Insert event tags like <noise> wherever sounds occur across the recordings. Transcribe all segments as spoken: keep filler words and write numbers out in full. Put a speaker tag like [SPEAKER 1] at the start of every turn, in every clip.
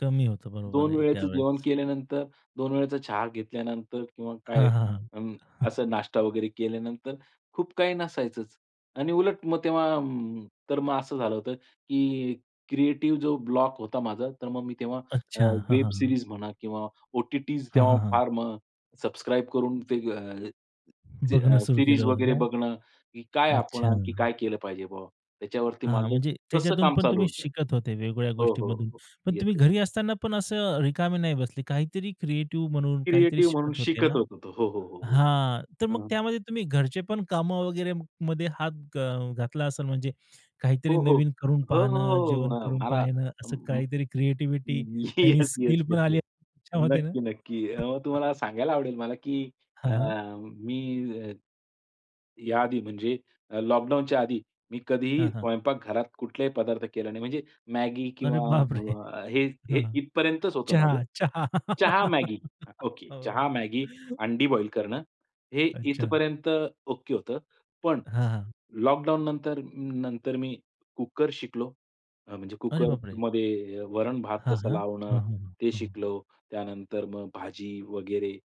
[SPEAKER 1] कमी होतं बरोबर
[SPEAKER 2] दोन
[SPEAKER 1] आहे
[SPEAKER 2] वेळचं
[SPEAKER 1] त्यावेळेस.
[SPEAKER 2] जेवण केल्यानंतर, दोन वेळेचा चहा घेतल्यानंतर किंवा काय
[SPEAKER 1] हां, हां, हां.
[SPEAKER 2] अंम,
[SPEAKER 1] <chuckles>
[SPEAKER 2] असा नाश्ता वगैरे केल्यानंतर खूप काही नसायचंच आणि उलट मग तेव्हा अं, तर मग असं झालं होतं, की क्रिएटिव्ह जो ब्लॉक होता माझा, तर मग मी तेव्हा अ,
[SPEAKER 1] अच्छा. हां, हां,
[SPEAKER 2] वेब
[SPEAKER 1] हां, हां.
[SPEAKER 2] सीरीज म्हणा किंवा ओ-टी-टीज
[SPEAKER 1] हां,
[SPEAKER 2] तेव्हा
[SPEAKER 1] हां, हां.
[SPEAKER 2] फार मग सबस्क्राईब करून ते अ, सी
[SPEAKER 1] बघणं सुरू
[SPEAKER 2] सीरीज
[SPEAKER 1] केलं होतं
[SPEAKER 2] वगैरे
[SPEAKER 1] का?
[SPEAKER 2] बघणं की काय आपण आणखी
[SPEAKER 1] अच्छा.
[SPEAKER 2] काय केलं पाहिजे बाबा? त्याच्यावरती
[SPEAKER 1] हां, हां,
[SPEAKER 2] माझं
[SPEAKER 1] म्हणजे
[SPEAKER 2] तसं
[SPEAKER 1] त्याच्यातून
[SPEAKER 2] काम
[SPEAKER 1] पण
[SPEAKER 2] चालू
[SPEAKER 1] तुम्ही
[SPEAKER 2] होतं.
[SPEAKER 1] शिकत होते वेगवेगळ्या
[SPEAKER 2] हो, हो,
[SPEAKER 1] गोष्टींमधून.
[SPEAKER 2] हो
[SPEAKER 1] पण
[SPEAKER 2] येस,
[SPEAKER 1] तुम्ही
[SPEAKER 2] येस.
[SPEAKER 1] घरी असताना पण असं रिकामे नाही बसले. काहीतरी क्रिएटिव्ह म्हणून काहीतरी
[SPEAKER 2] क्रिएटिव्ह म्हणून
[SPEAKER 1] शिकत होते
[SPEAKER 2] शिकत
[SPEAKER 1] ना?
[SPEAKER 2] होतो तो हो, हो, हो, हो,
[SPEAKER 1] हां, तर मग
[SPEAKER 2] हां.
[SPEAKER 1] त्यामध्ये तुम्ही घरचे पण कामं वगैरे मध्ये हात अ, घातला असेल म्हणजे काहीतरी
[SPEAKER 2] हो, हो,
[SPEAKER 1] नवीन करून
[SPEAKER 2] हो, हो,
[SPEAKER 1] पाहणं,
[SPEAKER 2] हो,
[SPEAKER 1] जेवण
[SPEAKER 2] अ,
[SPEAKER 1] करून
[SPEAKER 2] मला
[SPEAKER 1] पाहणं असं
[SPEAKER 2] अम,
[SPEAKER 1] काहीतरी क्रिएटिव्हिटी नवीन
[SPEAKER 2] येस,
[SPEAKER 1] स्किल
[SPEAKER 2] येस,
[SPEAKER 1] पण
[SPEAKER 2] येस,
[SPEAKER 1] आली
[SPEAKER 2] येस,
[SPEAKER 1] असेल तुमच्यामध्ये ना.
[SPEAKER 2] नक्की, नक्की, अ,
[SPEAKER 1] <chuckles>
[SPEAKER 2] तुम्हाला सांगायला आवडेल मला की
[SPEAKER 1] हां,
[SPEAKER 2] अ,
[SPEAKER 1] हां.
[SPEAKER 2] मी या आधी म्हणजे अ, लॉकडाउनच्या आधी मी कधीही
[SPEAKER 1] हां, हां.
[SPEAKER 2] स्वयंपाक घरात कुठलाही पदार्थ केले नाही. म्हणजे Maggi
[SPEAKER 1] अरे,
[SPEAKER 2] किंवा
[SPEAKER 1] बापरे!
[SPEAKER 2] अ, हे, हे,
[SPEAKER 1] हां,
[SPEAKER 2] इथपर्यंतच होतं माझं.
[SPEAKER 1] चहा, चहा.
[SPEAKER 2] चहा,
[SPEAKER 1] <laughs>
[SPEAKER 2] Maggi ओके
[SPEAKER 1] हो.
[SPEAKER 2] चहा, Maggi,
[SPEAKER 1] <chuckles> हो.
[SPEAKER 2] अंडी बॉईल करणं हे
[SPEAKER 1] अच्छा.
[SPEAKER 2] इथपर्यंत ओके होतं. पण
[SPEAKER 1] हां, हां.
[SPEAKER 2] लॉकडाउन नंतर, नंतर मी कुकर शिकलो. अ, म्हणजे
[SPEAKER 1] अरे, बापरे!
[SPEAKER 2] कुकरमध्ये वरण-भात
[SPEAKER 1] हां,
[SPEAKER 2] कसं
[SPEAKER 1] हां.
[SPEAKER 2] लावणं
[SPEAKER 1] हं, हं,
[SPEAKER 2] ते
[SPEAKER 1] हं, हं.
[SPEAKER 2] शिकलो. त्यानंतर मग भाजी वगैरे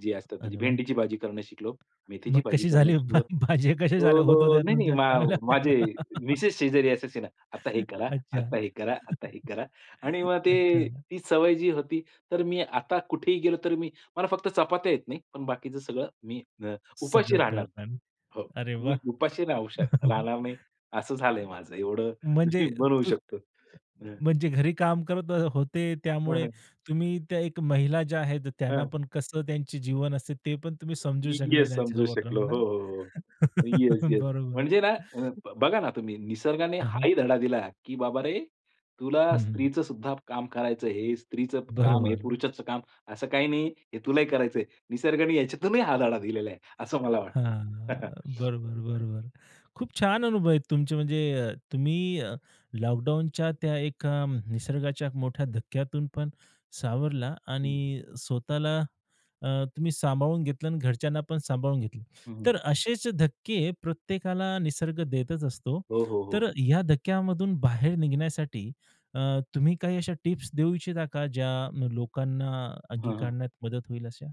[SPEAKER 2] जे असतात म्हणजे
[SPEAKER 1] अरे, वाह!
[SPEAKER 2] भेंडीची भाजी करणं शिकलो, मेथीची
[SPEAKER 1] मग
[SPEAKER 2] भाजी
[SPEAKER 1] कशी
[SPEAKER 2] करणं
[SPEAKER 1] झाली? भा
[SPEAKER 2] शिकलो.
[SPEAKER 1] भाज्या कशा
[SPEAKER 2] अ,
[SPEAKER 1] झाल्या होतं
[SPEAKER 2] अ, नाही, नाही,
[SPEAKER 1] तुमच्या
[SPEAKER 2] मा
[SPEAKER 1] चांगल्या होत्या
[SPEAKER 2] माझे
[SPEAKER 1] का? <laughs>
[SPEAKER 2] मिसेस शेजारी असायची ना "आता हे करा,
[SPEAKER 1] अच्छा.
[SPEAKER 2] आता हे करा, आता हे
[SPEAKER 1] <chuckles>
[SPEAKER 2] करा." आणि मग ते
[SPEAKER 1] अच्छा.
[SPEAKER 2] ती सवय जी होती तर मी आता कुठेही गेलो तर मी मला फक्त चपात्या येत नाही. पण बाकीचं सगळं मी अ, उपाशी
[SPEAKER 1] सगळं करा
[SPEAKER 2] राहणार नाही.
[SPEAKER 1] काम.
[SPEAKER 2] हो,
[SPEAKER 1] अरे,
[SPEAKER 2] मी
[SPEAKER 1] वाह!
[SPEAKER 2] उपाशी राहू शक
[SPEAKER 1] <chuckles>
[SPEAKER 2] राहणार नाही. असं झालंय माझं. एवढं <chuckles> मी
[SPEAKER 1] म्हणजे
[SPEAKER 2] बनवू
[SPEAKER 1] तू
[SPEAKER 2] शकतो. हं.
[SPEAKER 1] म्हणजे घरी काम करत ह होते.
[SPEAKER 2] हं,
[SPEAKER 1] त्यामुळे
[SPEAKER 2] हं.
[SPEAKER 1] तुम्ही त्या एक महिला ज्या आहेत.
[SPEAKER 2] हां,
[SPEAKER 1] त्यांना पण कसं त्यांचे जीवन असते, ते पण तुम्ही समजू शकले
[SPEAKER 2] येस,
[SPEAKER 1] त्यांच्या
[SPEAKER 2] समजू
[SPEAKER 1] सोबत
[SPEAKER 2] शकलो.
[SPEAKER 1] राहून ना.
[SPEAKER 2] हो, हो, हो. येस,
[SPEAKER 1] <chuckles>
[SPEAKER 2] येस
[SPEAKER 1] बरोबर.
[SPEAKER 2] म्हणजे ना
[SPEAKER 1] <chuckles>
[SPEAKER 2] अ, बघा ना तुम्ही निसर्गाने
[SPEAKER 1] हां, हां.
[SPEAKER 2] हाही धडा दिला की बाबा रे तुला
[SPEAKER 1] हं, हं.
[SPEAKER 2] स्त्रीचं सुद्धा काम करायचं आहे. हे स्त्रीचं काम, हे
[SPEAKER 1] बरोबर.
[SPEAKER 2] पुरुषाच काम असं काही नाही. हे तुलाही करायचं आहे. निसर्गाने याच्यातूनही हा धडा दिलेला आहे. असं मला
[SPEAKER 1] हां,
[SPEAKER 2] वाटतं.
[SPEAKER 1] बरोबर,
[SPEAKER 2] <chuckles>
[SPEAKER 1] बरोबर. खूप छान अनुभव आहेत तुमचे म्हणजे अ, तुम्ही अ, लॉकडाउनच्या त्या एका अ, निसर्गाच्या मोठ्या धक्क्यातून पण सावरला
[SPEAKER 2] हं,
[SPEAKER 1] आणि
[SPEAKER 2] हं.
[SPEAKER 1] स्वतःला अ, तुम्ही सांभाळून घेतलं आणि घरच्यांना पण सांभाळून घेतलं.
[SPEAKER 2] हं, हं.
[SPEAKER 1] तर असेच धक्के प्रत्येकाला निसर्ग देतच असतो.
[SPEAKER 2] हो, हो,
[SPEAKER 1] तर
[SPEAKER 2] हो.
[SPEAKER 1] या धक्क्यामधून बाहेर निघण्यासाठी अ, तुम्ही काही अशा टिप्स देऊ इच्छिता का, ज्या न, लोकांना
[SPEAKER 2] हां, हां.
[SPEAKER 1] अंगीकारण्यात मदत होईल अशा?